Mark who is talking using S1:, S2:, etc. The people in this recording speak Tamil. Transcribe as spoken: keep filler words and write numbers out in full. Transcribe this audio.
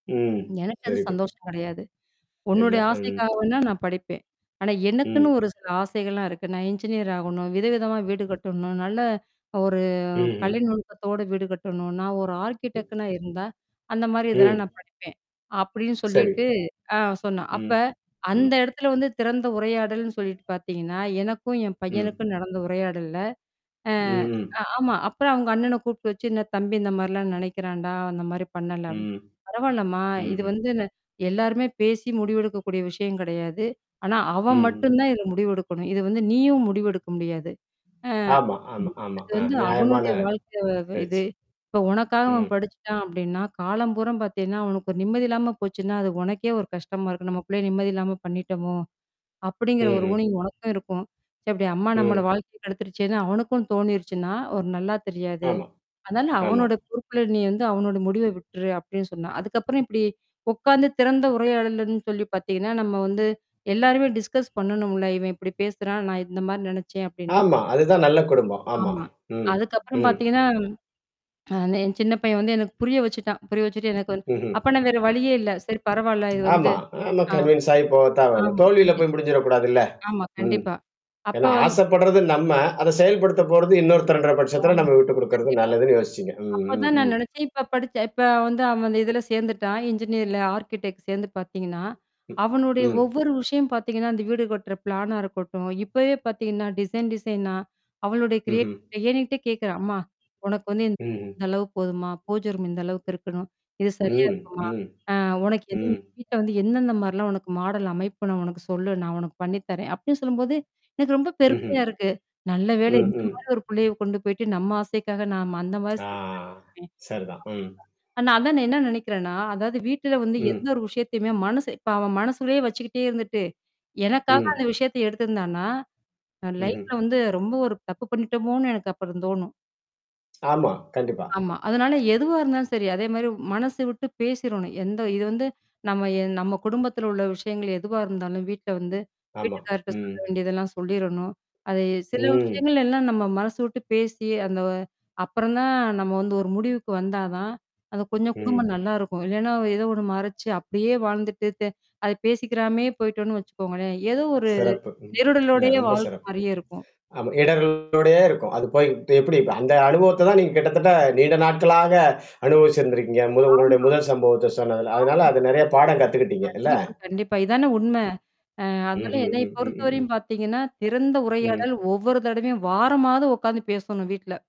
S1: ம்.
S2: "எனக்கு அது
S1: வெரி குட்
S2: சந்தோஷம் கெடையாது.
S1: இல்ல.
S2: உன்னுடைய ஆசைக்காக
S1: ம்.
S2: வேணா நான் படிப்பேன். ஆனா, எனக்குன்னு
S1: ம்.
S2: ஒரு சில ஆசைகள்லாம் இருக்கு. நான் என்ஜினியர் ஆகணும் விதவிதமா வீடு கட்டணும். நல்ல ஒரு
S1: ம்ஹ்ம்.
S2: கலை நுணுக்கத்தோட வீடு கட்டணும். நான் ஒரு
S1: ம்.
S2: ஆ்ர்க்கிடெக்கனா இருந்தா அந்த மாரி இதெல்லாம்
S1: ம்.
S2: நான் படிப்பேன்" அப்டின்னு
S1: சரி.
S2: சொல்லிட்டு ஆ சொன்னான். அ அப்ப,
S1: ம். ம்.
S2: அந்த எடத்துல வந்து திறந்த உரையாடல்ன்னு சொல்லீட்டு பாத்தீங்கன்னா, எனக்கும் என்
S1: ம்.
S2: பையனுக்கும் நடந்த உரையாடல்ல. அ
S1: ம், ம்.
S2: அ ஆமா. அப்புறம் அவுங்க அண்ணன கூப்பிட்டு வச்சு, "என்னா? தம்பி இந்த மாரிலாம் நெனைக்கிறான்டா! அந்த மாரி பண்ணல" அப்
S1: ம்.
S2: "பரவால்லம்மா! இது
S1: ம்ஹ்ம்.
S2: வந்து ந எல்லாருமே பேசி முடிவெடுக்கக்கூடிய விஷயம் கெடையாது. ஆனா அவன்
S1: ம்ஹ்ம்.
S2: மட்டும் தான் இதுல முடிவெடுக்கணும். அ இது வந்து நீயும் முடிவெடுக்க முடியாது. ஆ
S1: ஆமா, ஆமா,
S2: ஆமா.
S1: ஆமா,
S2: அது
S1: அ,
S2: வந்து
S1: நியாயமான.
S2: அவனுடைய வாழ்க்கை வ இது.
S1: பேச்சு.
S2: இப்ப உனக்காக அவன்
S1: ம்.
S2: படிச்சுட்டான் அப்டின்னா, காலம்பூராம் பாத்தீங்கன்னா, அவனுக்கு ஒரு நிம்மதி இல்லாம போச்சுன்னா, அது உனக்கே ஒரு கஷ்டமா இருக்கும். நம்ம புள்ளய நிம்மதி இல்லாம பண்ணிட்டோமோ! அப்படிங்கிற ஒரு
S1: ம்ஹ்ம்.
S2: ஊணிங் உனக்கும் இருக்கும். ச்ச அப்படி அம்மா நம்மள
S1: ம்.
S2: வாழ்க்கைய கெடுத்துருச்சேன்னு! அவனுக்கும் தோணிருச்சுன்னா, ஒரு நல்லா தெரியாது.
S1: ஆமா,
S2: அதனால
S1: ஆமா.
S2: அவனோட பொறுப்புல நீ வந்து அவனோட முடிவ விட்டுரு" அப்ப்டின்னு சொன்னான். அதுக்கப்புறம் இப்டி உக்காந்து திறந்த உரையாடல்லன்னு சொல்லி பாத்தீங்கன்னா, நம்ம வந்து எல்லாருமே டிஸ்கஸ் பண்ணணும்ல! "இவன் இப்படி பேசுறான் நான் இந்த மாரி நெனச்சேன்" அப்படின்னு.
S1: ஆமா. அதுதான் நல்ல குடும்பம். ஆமா.
S2: ஆமா.
S1: ம்.
S2: அதுக்கப்புறம்
S1: ம்.
S2: பாத்தீங்கன்னா, அந்த என் சின்ன பையன் வந்து எனக்கு புரிய வச்சுட்டான். புரிய வச்சுட்டு எனக்கு வந்
S1: ம்ஹ்ம்.
S2: அப்ப நான் வேற வழியே இல்ல. சரி பரவால்ல இது வந்து
S1: ஆமா ஆமா
S2: ஆ.
S1: கன்வின்ஸ் ஆயி போகத்தான் வேணும்.
S2: ஆமா.
S1: தோல்வியில
S2: கண்டிப்
S1: போய் முடிஞ்சிறக்கூடாதுல்ல!
S2: ஆமா,
S1: ம்.
S2: கண்டிப்பா. அப்ப
S1: ஏன்னா
S2: வந்
S1: ஆசைப்படுறது நம்ம! அத செயல்படுத்த போறது இன்னொருத்தருன்ற பட்சத்தில
S2: ஆமா.
S1: நம்ம விட்டு குடுக்கறது
S2: கண்டிப்பா.
S1: நல்லதுன்னு யோசிச்சீங்க. ம் ம்
S2: அப்பதான் நான்
S1: ம்.
S2: நெனச்சேன். இப்ப படிச்ச இப்ப வந்து அவன் அந்த இதுல சேந்துட்டான், இன்ஜினியர்ல ஆ்ர்க்கிடெக்ட் சேந்து பாத்தீங்கன்னா,
S1: ம்
S2: அவனுடைய
S1: ம்.
S2: ஒவ்வொரு விஷயம் பாத்தீங்கன்னா, அந்த வீடு கட்டுற பிளானா இருக்கட்டும். இப்பவே பாத்தீங்கன்னா, டிசைன் டிசைனா, அவளுடைய
S1: ம்ஹ்ம்.
S2: கிரியேட்டிவிட்டி என்கிட்ட கேட்கறான் "அம்மா. உனக்கு வந்து
S1: ம்ஹ்ம்.
S2: இந்த அளவு போதுமா? பூஜ ரூம் இந்த அளவுக்கு இருக்கணும். இது சரியா
S1: ம்,
S2: இருக்குமா?
S1: ம்,
S2: அ உனக்கு எது?
S1: ம்.
S2: இந்த வீட்ட வந்து எந்தெந்த மாரிலாம் உனக்கு மாடல் அமைப்புன்னு உனக்கு சொல்லு நான் உனக்கு பண்ணீ தரேன்" அப்படீன்னு சொல்லும்போது எனக்கு ரொம்ப
S1: ம்ஹ்ம்.
S2: பெருமையா இருக்கு. நல்ல வேளை
S1: ம்,
S2: இந்த
S1: ம்.
S2: மாரி ஒரு புள்ளைய கொண்டு போய்ட்டு நம்ம ஆசைக்காக ந அந்த மாரி
S1: ஆ.
S2: [unintelligible]
S1: சரிதான். ம்.
S2: ஆனா அதான் நான் என்னா நெனைக்கிறேன்னா, அதாவது வீட்ல வந்து எந்த
S1: ம்.
S2: ஒரு விஷயத்தையுமே மனசு இப்ப அவன் மனசுள்ளேயே வச்சுக்கிட்டே இருந்துட்டு, எனக்காக
S1: ம்.
S2: அந்த விஷயத்த எடுத்திருந்தான்னா? அ
S1: ம்ஹ்ம்.
S2: லைஃப்ல வந்து ரொம்ப ஒரு தப்பு பண்ணீட்டோமோனு எனக்கு அப்புறம் தோணும்.
S1: ஆமா கண்டிப்பா.
S2: ஆமா. அதுனால எதுவா இருந்தாலும் சரி அதே மாரி மனசு விட்டு பேசிரணும். எந்த இது வந்து நம்ம எ நம்ம குடும்பத்தில உள்ள விஷயங்கள் எதுவா இருந்தாலும் வீட்ல வந்து,
S1: ஆமா.
S2: வீட்டுக்கார்ட்ட சொல்ல
S1: ம்.
S2: வேண்டியதெல்லாம் சொல்லிறணும். அது சில
S1: ம்.
S2: விஷயங்கள்ல எல்லாம் நம்ம மனசு விட்டு பேசி அந்த வ அப்புறம் தான் நம்ம வந்து ஒரு முடிவுக்கு வந்தா தான் அது கொஞ்சம் குடும்பம்
S1: ம்.
S2: நல்லாயிருக்கும். இல்லன்னா ஏதோ ஒண்ணு மறைச்சு, அப்படியே வாழ்ந்துட்டு தெ அத பேசிக்கிறாமயே போய்ட்டோன்னு வச்சுக்கோங்களேன். ஏதோ ஒரு
S1: சிறப்பு! ம், இல்ல
S2: நெருடலோடயே
S1: ரொம்ப
S2: வாழ்ற
S1: சிறப்பு.
S2: மாரியே இருக்கும்.
S1: ஆமா இடரள்களோடயே இருக்கும். அது போய்ட்டு எப்படி? அந்த அனுபவத்த தான் நீங்க கிட்டத்தட்ட நீண்ட நாட்களாக அனுபவிச்சிருந்திருக்கீங்க. முது உங்களுடைய
S2: ஆமா.
S1: முதல் சம்பவத்த சொன்னதுல, அதனால அது நெறையா பாடம் கத்துக்கிட்டீங்க இல்ல?
S2: கண்டிப்பா கண்டிப்பா. இதானே உண்மை. அ அதனால
S1: ம்ஹ்ம்,
S2: என்னய
S1: ம், ம், ம்ஹம்.
S2: பொறுத்தவரையும் பாத்தீங்கன்னா, திறந்த
S1: ம்.
S2: உரையாடல் ஒவ்வொரு தடவையும் வாரமாவது உக்காந்து பேசணணும் வீட்ல.